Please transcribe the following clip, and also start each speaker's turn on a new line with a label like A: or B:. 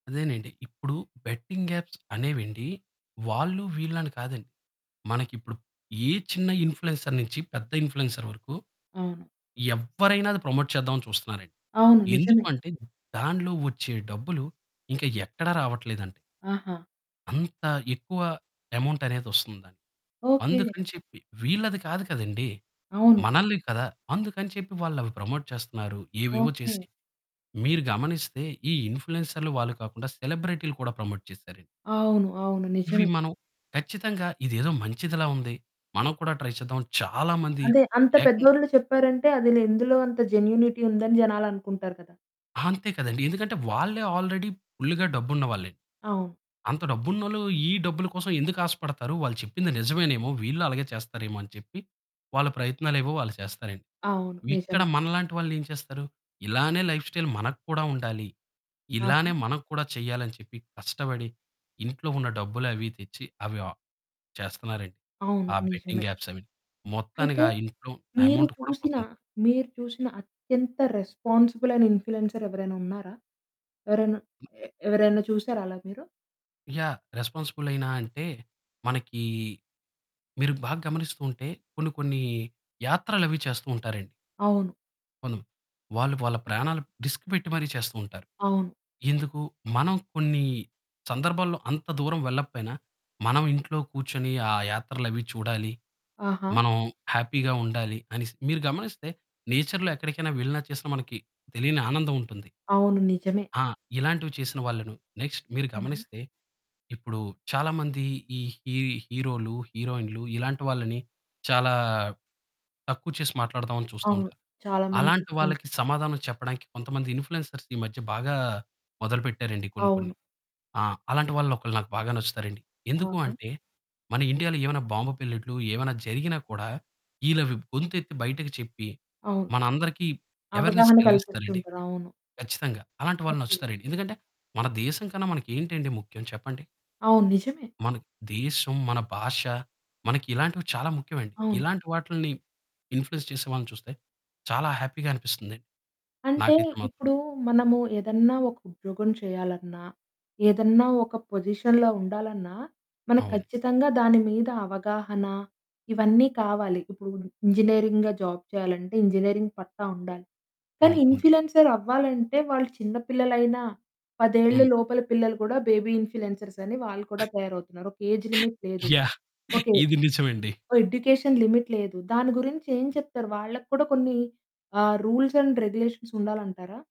A: అదేనండి. ఇప్పుడు betting apps అనేవెండి వాళ్ళు వీళ్ళని కాదండి, మనకిప్పుడు ఏ చిన్న ఇంప్ల్యూయన్సర్స్ నుంచి పెద్ద ఇంప్ల్యూయన్సర్స్ వరకు
B: అవును.
A: ఎవ్వరైనా అది ప్రమోట్ చేద్దామని చూస్తున్నారండి.
B: అవును. నిజమే.
A: ఎందుకంటే దానిలో వచ్చే డబ్బులు ఇంకా ఎక్కడ రావట్లేదండి.
B: ఆహా!
A: అంత ఎక్కువ అమౌంట్ అనేదోస్తుందానికి
B: ఓకే.
A: అందుకని చెప్పి. వీళ్ళది కాదు కదండీ!
B: అవును.
A: మనల్ని కదా! అందుకని చెప్పి వాళ్ళవి ప్రమోట్ చేస్తున్నారు. ఏవేవో
B: ఓకే.
A: చేసి, మీరు గమనిస్తే ఈ ఇంప్ల్యూయన్సర్‌లు వాళ్ళు కాకుండా సెలబ్రిటీ‌లు కూడా ప్రమోట్ చేసారండి.
B: అవును. అవును.
A: ఇవి
B: నిజమే.
A: మనం ఖచ్చితంగా ఇదేదో మంచిదిలా ఉంది, మనం కూడా ట్రై చేద్దాం చాలా మంది
B: అదే అంత
A: ఏకం
B: పెద్దోళ్ళు చెప్పారంటే అదులో ఎందులో అంత జెన్యూనిటీ ఉందని జనాలు అనుకుంటారు కదా!
A: అంతే కదండీ ఎందుకంటే వాళ్ళే ఆల్రెడీ ఫుల్‌గా డబ్బున్న వాళ్ళే.
B: అవును.
A: అంత డబ్బున్నోళ్లు ఈ డబ్బుల కోసం ఎందుకు ఆశపడతారు. వాళ్ళు చెప్పింది నిజమేనేమో వీళ్ళు అలాగే చేస్తారేమో అని చెప్పి, వాళ్ళ ప్రయత్నాలేవో వాళ్ళు చేస్తారండి.
B: అవును
A: ఇక్కడ
B: నిజమే.
A: మనలాంటి వాళ్ళు ఏం చేస్తారు? ఇలానే లైఫ్‌స్టైల్ మనకు కూడా ఉండాలి.
B: ఆహా!
A: ఇలానే మనకూడా చేయాలి అని చెప్పి కష్టపడి ఇంట్లో ఉన్న డబ్బులు అవి తెచ్చి అవి ఆ! చేస్తున్నారండి.
B: అవును
A: ఆ!
B: నిజమే.
A: బెట్టింగ్ ఆప్స్ అవిన్ని. మొత్తానికి
B: అయితే
A: ఆ ఇంట్లో ఆ!
B: మీరు
A: అమౌంట్ కూడా
B: చూసిన
A: పోతుంది.
B: మీరు చూసిన అత్యంత రెస్పాన్సిబులయినా ఇంప్ల్యూయన్సర్స్ ఎవరైనా ఉన్నారా? ఎవరైనా
A: హ్మ్.
B: ఏ ఎవరైనా చూసారా అలా మీరు?
A: యాహ్! రెస్పాన్సిబులేనా అంటే మనకి, మీరు బా గమనిస్తుంటే కొన్ని కొన్ని యాత్రలు అవి చేస్తూ ఉంటారండి.
B: అవును.
A: కొందమ వాళ్ళు వాళ్ళ ప్రాణాలు రిస్క్ పెట్టి మరీ చేస్తూ ఉంటారు.
B: అవును.
A: ఎందుకు మనం కొన్ని సందర్భాల్లో అంత దూరం వెళ్లపేయినా, మనం ఇంట్లో కూర్చొని ఆ! యాత్రలు అవి చూడాలి,
B: ఆహా!
A: మనం హ్యాపీ‌గా ఉండాలి. అనిసి మీరు గమనిస్తే నేచర్‌లో ఎక్కడికైనా వెళ్ళినా చేసినా మనకి తెలియని ఆనందం ఉంటుంది.
B: అవును నిజమే.
A: ఆ! ఇలాంటివి చేసిన వాళ్ళను నెక్స్ట్ మీరు
B: అవునా?
A: గమనిస్తే ఇప్పుడు చాలా మంది ఈ హి హీరో‌లు హీరోయిన్‌లు, ఇలాంటి వాళ్ళని చాలా తక్కువ చేసి మాట్లాడదాం అని చూస్తూ
B: అవును
A: ఉంటారు.
B: చాలా మంది
A: అలాంటి
B: చూస్తుంటారు.
A: వాళ్ళకి సమాధానం చెప్పడానికి కొంతమంది ఇంప్ల్యూయన్సర్స్ ఈ మధ్య బాగా మొదలుపెట్టారండి కొన్ని కొన్ని.
B: అవును.
A: ఆ! అలాంటి వాళ్ళు ఒకలు నాకు బాగా నచ్చుతారండి. ఎందుకు
B: అవునా?
A: అంటే మన ఇండియాలో ఏమైనా బాంబు పేలినట్టు ఏమైనా జరిగినా కూడా, ఇళ్ళవి గొంతెత్తి బయటకి చెప్పి,
B: అవును.
A: మనందరికి అవేర్నెస్
B: అవగాహన
A: కలిగిస్తారండి
B: కల్పిస్తుంటారు. అవును.
A: కచ్చితంగా, అలాంటి వాళ్ళు
B: ఓకే.
A: నచ్చుతారండి. ఎందుకంటే మన దేశం కన్నా మనకేంటండి ముఖ్యం చెప్పండి?
B: అవును నిజమే.
A: మన దేశం, మన భాష, మనకి ఇలాంటివి చాలా ముఖ్యమండి.
B: అవును.
A: ఇలాంటి వాటిలిని ఇంప్ల్యూయన్స్ చేసే వాళ్ళని చూస్తే చాలా హ్యాపీ‌గా అనిపిస్తుంది
B: అంటే
A: నాకైతే మాత్రం.
B: ఇప్పుడు మనము ఏదన్నా ఒక ఉద్యోగం చేయాలన్నా, ఏదన్నా ఒక పొజిషన్‌లో ఉండాలన్నా మనకు
A: అవును.
B: ఖచ్చితంగా దాని మీద అవగాహన ఇవన్నీ కావాలి. ఇప్పుడు ఇంజినీరింగ్‌గా జాబ్ చేయాలంటే ఇంజనీరింగ్ పట్టా ఉండాలి. కానీ
A: అవును. ఉండ
B: ఇంప్ల్యూయన్సర్ అవ్వాలంటే వాళ్ళు చిన్న పిల్లలైనా, 10 ఏళ్ళ
A: హ్మ్.
B: లోపల పిల్లలు కూడా బేబీ ఇంప్ల్యూయన్సర్స్ అని వాళ్ళు కూడా తయారవుతున్నారు. ఒక ఏజ్ లిమిట్ లేదు.
A: యాహ్!
B: ఓకే.
A: ఇది నిజమండి.
B: ఓహ్! ఎడ్యుకేషన్ లిమిట్ లేదు. దాని గురించి ఏం చెప్తారు? వాళ్ళ కూడా కొన్ని ఆ! Rules and regulations ఉండాలంటారా?